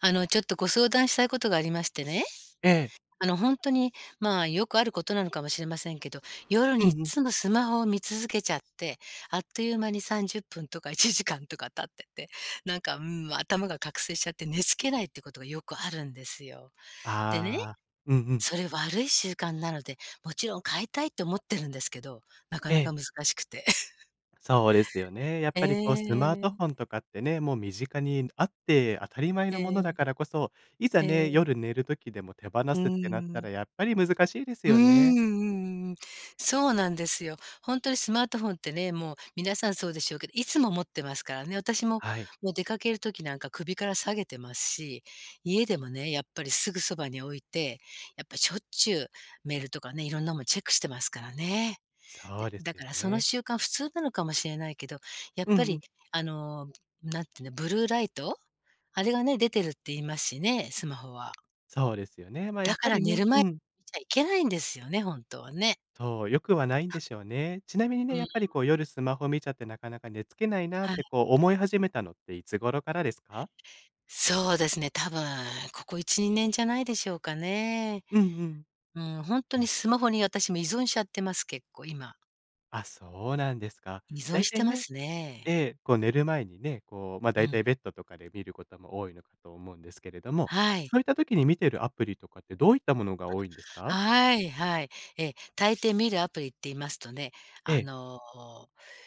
あのちょっとご相談したいことがありましてね。ええ。あのほんとに、まあ、よくあることなのかもしれませんけど、夜うにいっんうん。つもスマホを見続けちゃって、あっという間に30分とか1時間とか経ってて、なんか、ん、頭が覚醒しちゃって寝付けないっていうことがよくあるんですよ。でね、ああ、うんうん。それ悪い習慣なので、もちろん変えたいって思ってるんですけど、なかえなえ。か難しくて。そうですよね。やっえぱりこう、スマートフえ。ォンとかってね、もう身近にあって当たり前えのものだえ。からこそ、いざえね、え。夜寝る時でも手放うーすってなったら、ん。やっぱり難しいですうーん、よね。うんうんうん。そうなんですよ。ほんとにスマートフォンってね、もう、皆さんそうでしょうけど、いつも持ってますからね。私も、はい。もう出かける時なんか首から下げてますし、家でもね、やっぱりすぐそばに置いて、やっぱ、しょっちゅうメールとかね、色んなもんチェックしてますからね。そで、うでだすよから、そのね。習慣普通なのかもしれないけど、やっうんぱうり、ん。あの何て言うの、ブルーライト？あれがね、出てるって言いますしね、スマホは。そうですよね。ま、やだっかぱらり寝ね、る前うにん見ちゃいけないんですよね、本当はね。そう、良くはないんでしょうね。ちなみにうね、ーやっぱり、ん。こう、夜、スマホ見ちゃってなかなか寝付けないなっはい。て、こう、思い始めたのって、いつ頃からですか？そうですね、多分、ここ1、2年じゃないでしょうかね。うんうん。うん、ほんとになスマホに私も依存しちゃってます、結構、今。あ、そうなんですか。依存大して体まね、すねええ。え、こう寝る前にね、こう、ま、う大体ん。ベッドとかで見ることも多いのかと思うんですけれども、はい。そういった時に見てるアプリとかってどういったものが多いんですか？はーい、はい。え、大抵見るアプリって言いますとね、えあえ。の、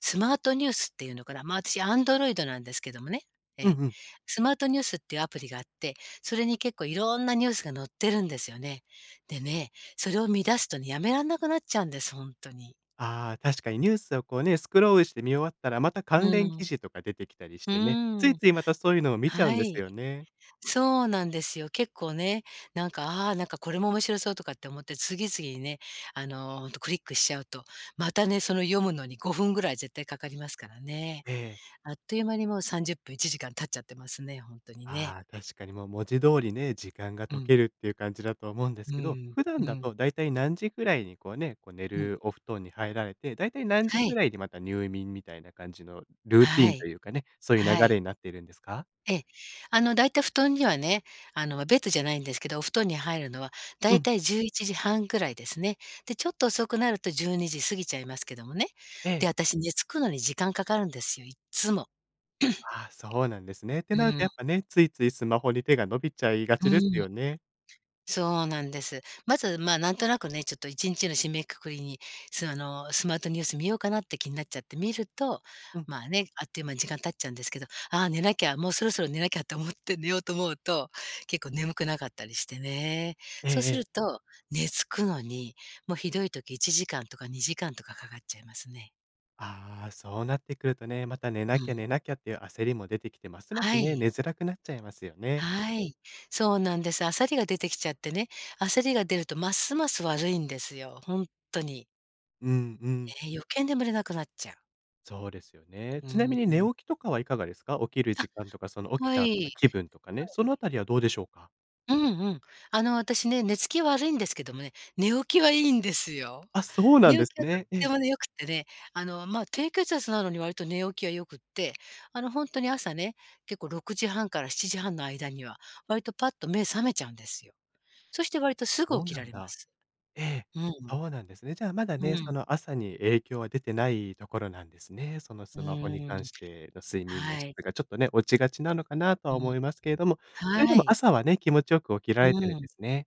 スマートニュースっていうのかな。ま、私 Android なんですけどもね、えうんえ。うん。スマートニュースっていうアプリがあって、それに結構いろんなニュースが載ってるんですよね。でね、それを見出すとね、止めらんなくなっちゃうんです、ほんとに。ああ、確かにニュースをこうね、スクロールして見終わったら、またう関ー連記ん。事とか出てきたりしうてね、ついーん、ついまたそういうのを見ちゃうんはですい。よね。そうなんですよ。結構ね、何か、ああ、何かこれも面白そうとかって思って、次々にね、あのクリックしちゃうと、またね、その読むのに5分ぐらい絶対かかりますからね。ええ。あっという間に、もう30分、1時間経っちゃってますね、ほんとにね。ああ、確かにもう文字通りね、時間がう溶ん。けるっていう感じだと思うんでうすけど。ーん普う段ーだん。と、大体何時ぐらいに、こうね、こう、寝うん。るお布団に入られて、大体何時はぐい。らいにまた入眠みたいな感じのルーティはンとい、いうかね、そういう流はれい。になってるんですか？え、あの、大体布団にはね、あの、わベッドじゃないんですけど、お布団に入るのは、う大ん。体11時30分くらいですね。で、ちょっと遅くなると12時過ぎちゃいますけどもね。ええ。で、私寝付くのに時間かかるんですよ、いっつも。ああ、そうなんですね。ってうなるとーやっん。ぱね、ついついスマホに手が伸びちゃいがうちですん。よね。そうなんです。まず、ま、何となくね、ちょっと1日の締めくくりに、その、スマートニュース見ようかなって気になっちゃって見ると、うん。まあね、あっという間に時間経っちゃうんですけど「ああ、寝なきゃ、もうそろそろ寝なきゃ」と思って寝ようと思うと、結構眠くなかったりしてね。ええそうえすえ。ると、寝付くのに、もう、ひどい時、1時間とか2時間とかかかっちゃいますね。ああ、そうなってくるとね、また寝うなきゃ、ん。寝なきゃっていう焦りも出てきて、ますますはね、い。寝づらくなっちゃいますよね。はい、そうなんです。焦りが出てきちゃってね、焦りが出るとますます悪いんですよ、ほんっとに。うんうん。ええ、余計眠れなくなっちゃう。そうですよね。うーちなみに寝ん。起きとかはいかがですか？起きる時あ、間とかその起きはたい、後はのい。気分とかね。その辺りはどうでしょうか？うんうん。あの、私ね、寝つき悪いんですけどもね、寝起きはいいんですよ。あ、そうなん寝で起すきはとっね。えてえ。も良くってね、あの、ま、低血圧なのに割と寝起きは良くって、あの、本当に朝ね、結構6時30分から7時30分の間には、割とパッと目覚めちゃうんですよ。そしてあ、割とすぐそう起きならんれまだ。す。ええ、うん。そうなんですね。じゃあまだうね、そん。の、朝に影響は出てないところなんですね。そのうスマホにーん、関 しての、睡眠のは質い。がちょっとね、落ちがちなのかなとうはん。思いますけれども、それではもい。朝はね、気持ちよく起きらうれてるんーでん。すね。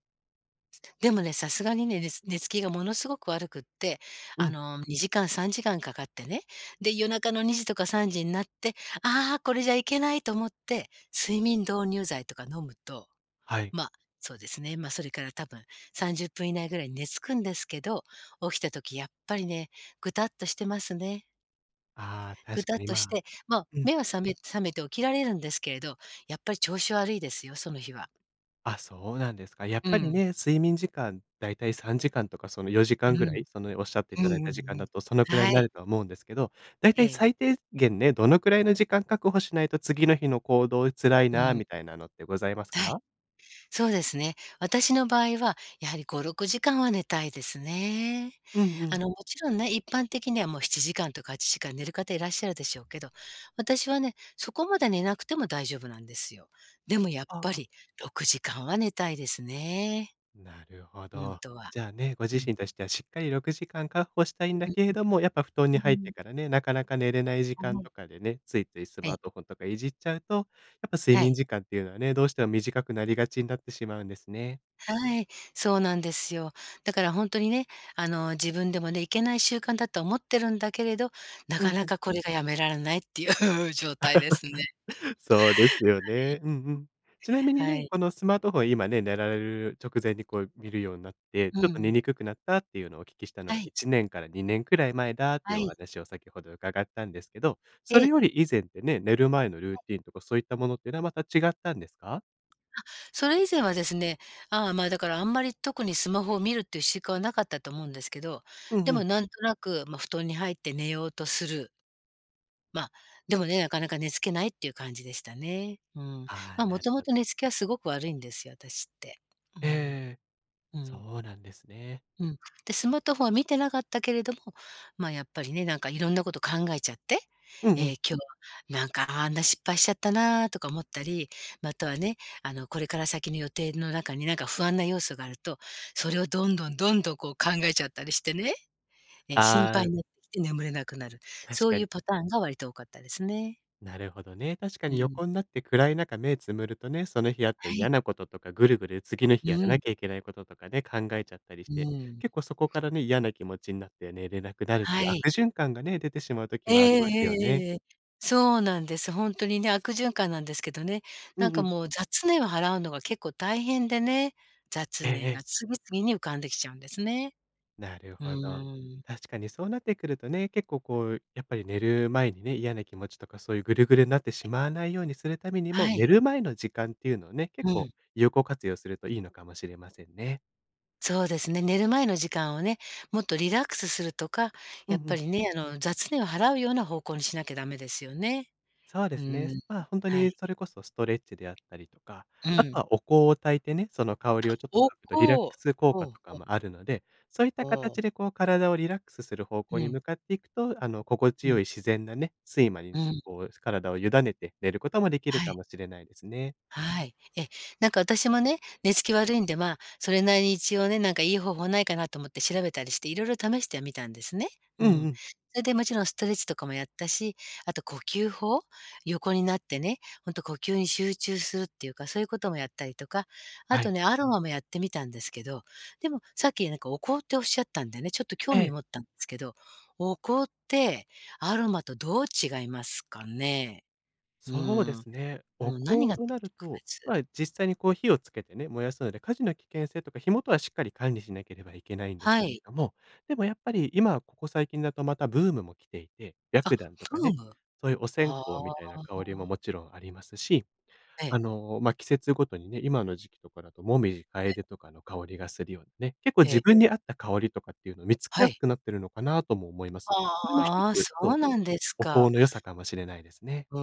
でもね、さすがにね、ねつ寝つきがものすごく悪くって、うあん。の、2時間3時間かかってね。で、夜中の2時とか3時になって「ああ、これじゃいけない」と思って、睡眠導入剤とか飲むと、はい。ま、そうですね、ま、それから多分、30分以内ぐらいに寝付くんですけど、起きた時やっぱりね、ぐたっとしてますね。ああ、ぐ確たかっに、としま、て、ま、うん。目は覚め覚めて起きられるんですけれど、やっぱり調子悪いですよ、その日は。あ、そうなんですか。やっうぱりん。ね、睡眠時間、大体3時間とかそのよじうかんぐらん。い？そのおっしゃっていうんただいうた時ん間うん、だとそのくらはいにない。るとは思うんですけど、大え体え。最低限ね、どのくらいの時間確保しないと次の日の行動辛いうなあん。みたいなのってございますはい、か？そうですね。私の場合は、やはり5、6時間は寝たいですね。うんうあん。の、もちろんね、一般的には、もう、7時間とか8時間寝る方いらっしゃるでしょうけど、私はね、そこまで寝なくても大丈夫なんですよ。でもやっあぱあ。り、6時間は寝たいですね。なるほほんど。とは、じゃあね、ご自うん。身としてはしっかり6時間確保したいんだうんけれども、やっぱ布団にうん。入っうーてん。からね、なかなか寝れない時は間い。とかでね、ついついスえマえ。ートフォンとかいじっちゃうと、やっぱ睡は眠い。時間っていうのはね、どうしても短くなりがちになってしまうんですね。はい、そうなんですよ。だからほんとにね、あの、自分でもね、いけない習慣だと思ってるんだけれど、なうかんうなん。かこれがやめられないっていう状態ですね。そうですよね。うんうん。ちなみにはい。はね、い。このスマートフォン、今ね、寝られる直前に、こう、見るようになって、うちょっと寝ん。にくくなったっていうのをお聞きしたのはが、い。1年から2年くらい前だっていはうおい。話を先ほど伺ったんですけど、そえれえ。より以前ってね、寝る前のルはーい。ティーンとかそういったものっていうのは、また違ったんですか？あ、それ以前はですね、ああ、ま、だから、あんまり特にスマホを見るっていう習慣はなかったと思うんですけど、うんでうもん。なんとなく、ま、布団に入って寝ようとするま、でもね、なかなか寝付けないっていう感じでしたね。うん。ああ、ま、なもるともほとど。寝つきはすごく悪いんですよ、私って。うえええん、えええ、うん。そうなんですね。うん。で、スマートフォンは見てなかったけれども、ま、やっぱりね、なんか色んなこと考えちゃって。うんうええん。「今日は、何かあんな失敗しちゃったな」とか思ったり、またはね、あの、これから先の予定の中に何か不安な要素があると、それをどんどんどんどん、こう考えちゃったりしてね。ええ、心ああ配になって眠れなくなる。確そうかいに。うパターンが割と多かったですね。なるほどね。確かうーにん。横んなって暗い中、目つむるとね、その日あったはい。嫌なこととか、ぐるぐる次のう日やらーなん。きゃいけないこととかね、考えちゃったりしうて、ーん。結構そこからね、嫌な気持ちになって寝れなくなるってはいうい。悪循環がね、出てしまう時ええもありえますよえね。ええええ。そうなんです。ほんとにね、悪循環なんですけどね。うなんんうかん。もう、雑念を払うのが結構大変でね。え雑ええ念え。が次々に浮かんできちゃうんですね。なるうほど。ーん。確かにそうなってくるとね、結構こう、やっぱり寝る前にね、嫌な気持ちとか、そういうぐるぐるになってはしい。まわないようにするためにも、は寝い。る前の時間っていうのをね、結う構、ん。有効活用するといいのかもしれませんね。そうですね。寝る前の時間をね、もっとリラックスするとか、うんやっうぱん。りね、あの、雑念を払うような方向にしなきゃ駄目ですよね。そうでうすね。ーそん、ま、ほんとはにい。それこそストレッチであったりとか、うあとん。はお香を焚いてね、その香りをちょっと嗅おぐとリラック香、ス効う果ん、うとかん。もあるので、そういっうたーん。形で、こう体をリラックスする方う向にん。向かっていくと、あの、心地うよいん。自然なね、睡魔に、うん。こう、体を委ねて寝ることもできるはかい。もしれないですね。はい。え、何か私もね、寝つき悪いんで、ま、それなりに一応ね、何かいい方法ないかなと思って調べたりして、色々試してみたんですね、ううんうん。ん。それでもちろんストレッチとかもやったし、あと、呼吸法？横になってね、ほんと呼吸に集中するっていうか、そういうこともやったりとか、あはとい。ね、アロマもやってみたんですけど、でも、さっき何かお香っておっしゃったんでね、ちょっと興え味え。を持ったんですけど、お香ってアロマとどう違いますかね？うそうでーん、すね。おうん、何香がとなる特と、別ま、実際にこう、火をつけてね、燃やすので火事の危険性とか、火元はしっかり管理しなければいけないんですけはれい。ども、でもやっぱり、今ここ最近だとまたブームも来ていて、あ、白檀とかブね、ーム？そういうお線香はみたいな香りもあ。もちろんありますし、えあえ。の、ま、季節ごとにね、今の時期とかだと紅葉、ええ。楓とかの香りがするようなね、結構へ自え。分に合った香りとかっていうのを見つけはやすい。くなっているのかなあとも思います。それもひとああ、そつ、そう、うなんですおか。香の良さかもしれないですね。ふ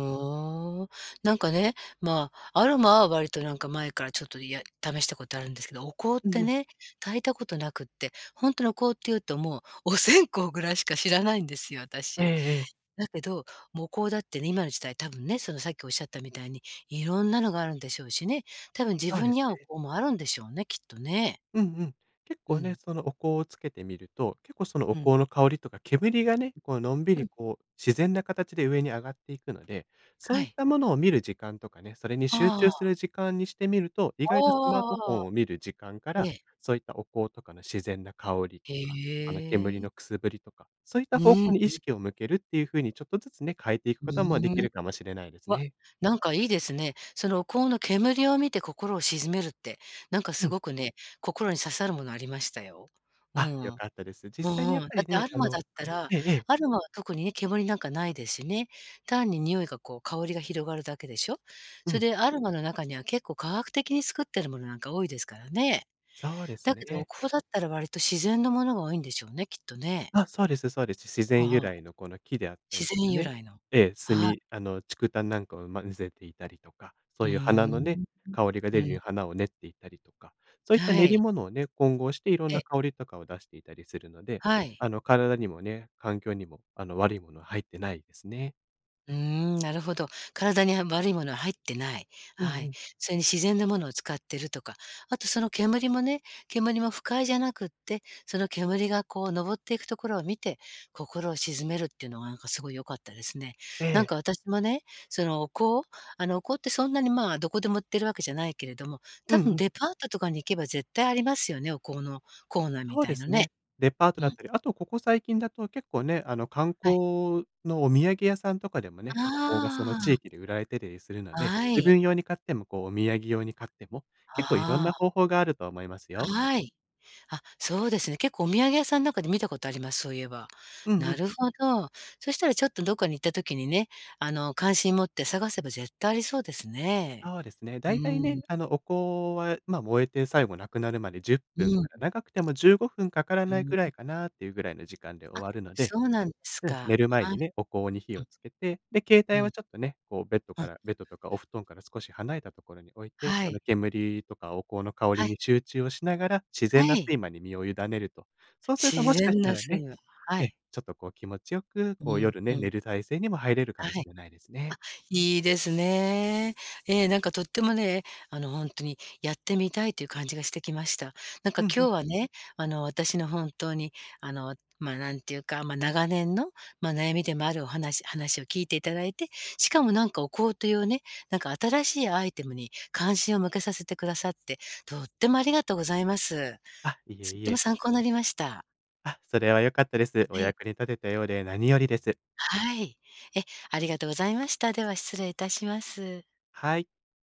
うん。なんかね、ま、アロマは割となんか前から、ちょっと家で試したことあるんですけど、お香っうんうてん。ね、焚いたことなくって、ほんとにお香っていうと、もう、お線香ぐらいしか知らないんですよ、ええ私。ええ。だけど、もう、お香だってね、今の時代、多分ね、その、さっきおっしゃったみたいに、色んなのがあるんでしょうしね、多分自そう分でにす合うね。お香もあるんでしょうね、きっとね。うんうん。結う構ね、ん。そのお香をつけてみると、結構そのおうん。香の香りとか煙がね、こうのんびうり、ん。こう、自然な形で上に上がっていくので、そうはいっい。たものを見る時間とかね、それに集あ中すあ。る時間にしてみると、意ああ外とスマートフあォああああンあ。を見る時間かえら、え。そういったお香とかの自然な香りへとか、あの煙え。のくすぶりとか、そういっうた方ーん、う向に意ん。識を向けるっていう風にちょっとずつね、変えていくふこともできうん。るかもしれないですわっ、ね。なんかいいですね。そのお香の煙を見て心を静めるって、何かうすん。ごくね、心に刺さるものありましたよ。うあ、良ん。かったです。実う際にやんっうん。ぱだりってアね、ロあマの、だったら、ええ、ええ。アロマは特にね、煙なんかないでしね。単に匂いが、こう、香りが広がるだけでしょ？うそれん。でアロマの中には結構科学的に作ってるものなんか多いですからね。そうですだけどおね。香だったら割と自然のものが多いんでしょうね、きっとね。あ、そうですそうです。自あ然あ由ああ。来の、この、木であったり自とか然由ね、来の、ええ、炭ああ。あの竹炭なんかを混ぜていたりとか、そううーいう花のね、ん、香りがう出うるようん。花を練っていたりとかそういったは練りい。物をね、混合していろんえなえ。香りとかを出していたりするので、はい。あの、体にもね、環境にも、あの、悪いものは入ってないですね。うーん、なるほど。体には悪いものは入ってない。うんはうい。ん。それに自然のものを使ってるとか、あと、その煙もね、煙も不快じゃなくって、その煙がこう登っていくところを見て、心を静めるっていうのが何かすごい良かったですね。えなんえ。か私もね、そのお香？あの、お香ってそんなに、まあ、どこでも売ってるわけじゃないけれども、う多ん分、うん。デパートとかに行けば絶対ありますよね、お香のコーナーみそうたでいのすね、ね。デパートうだっん。たり、あと、ここ最近だと結構ね、あの、観はい。光のお土産屋さんとかでもね、あお香がその地あ。域で売られてたりするので、あ自い。分用に買っても、こう、お土産用に買っても、結構いろんあなあ。方法があると思いますよ。はい。あ、そうですね、結構お土産屋さん中で見たことあります、そういえば。うんうなん。るほど。そしたらちょっと、どっかに行った時にね、あの、関心持って探せば絶対ありそうですね。そうですね。う大体ーん。ね、あの、お香は、ま、燃えて最後無くなるまで、10分うかん。ら長くても15分かからうーなん、いうんぐらういかなあん。っていうぐらいの時間で終あ、わるので、そうなんですうん、寝か。る前はい。にね、お香に火うん。をつけて、で、携う帯はん。ちょっとね、こうベッドうかん。らベッドとかお布団から少し離れたところに置いて、はそい。の煙とかお香の香はりい。に集中をしながら自然なはい。睡間に身を委ねると、そうすると自もしかし然たならね、睡魔、はえ、い。ちょっとこう、気持ちよく、うこう、ん、夜うね、寝ん。る体勢にも入れるかはい。もしあ、れないですね。いいですね。ええ、何かとってもね、あの、ほんとにやってみたいという感じがしてきました。何うかんう今ん。日はね、あの、私の本当に、あの、ま、何ていうか、ま、長年の、ま、悩みでもあるお話話を聞いていただいて、しかも何かお香というね、何か新しいアイテムに関心を向けさせてくださってとってもありがとうございます。あ、いえとっいてもえ。参考になりました。あ、それは良かったであ、す。おはい。役に立てたようで何よりです。はい。え、ありがとうございました。では失礼いたします。はい。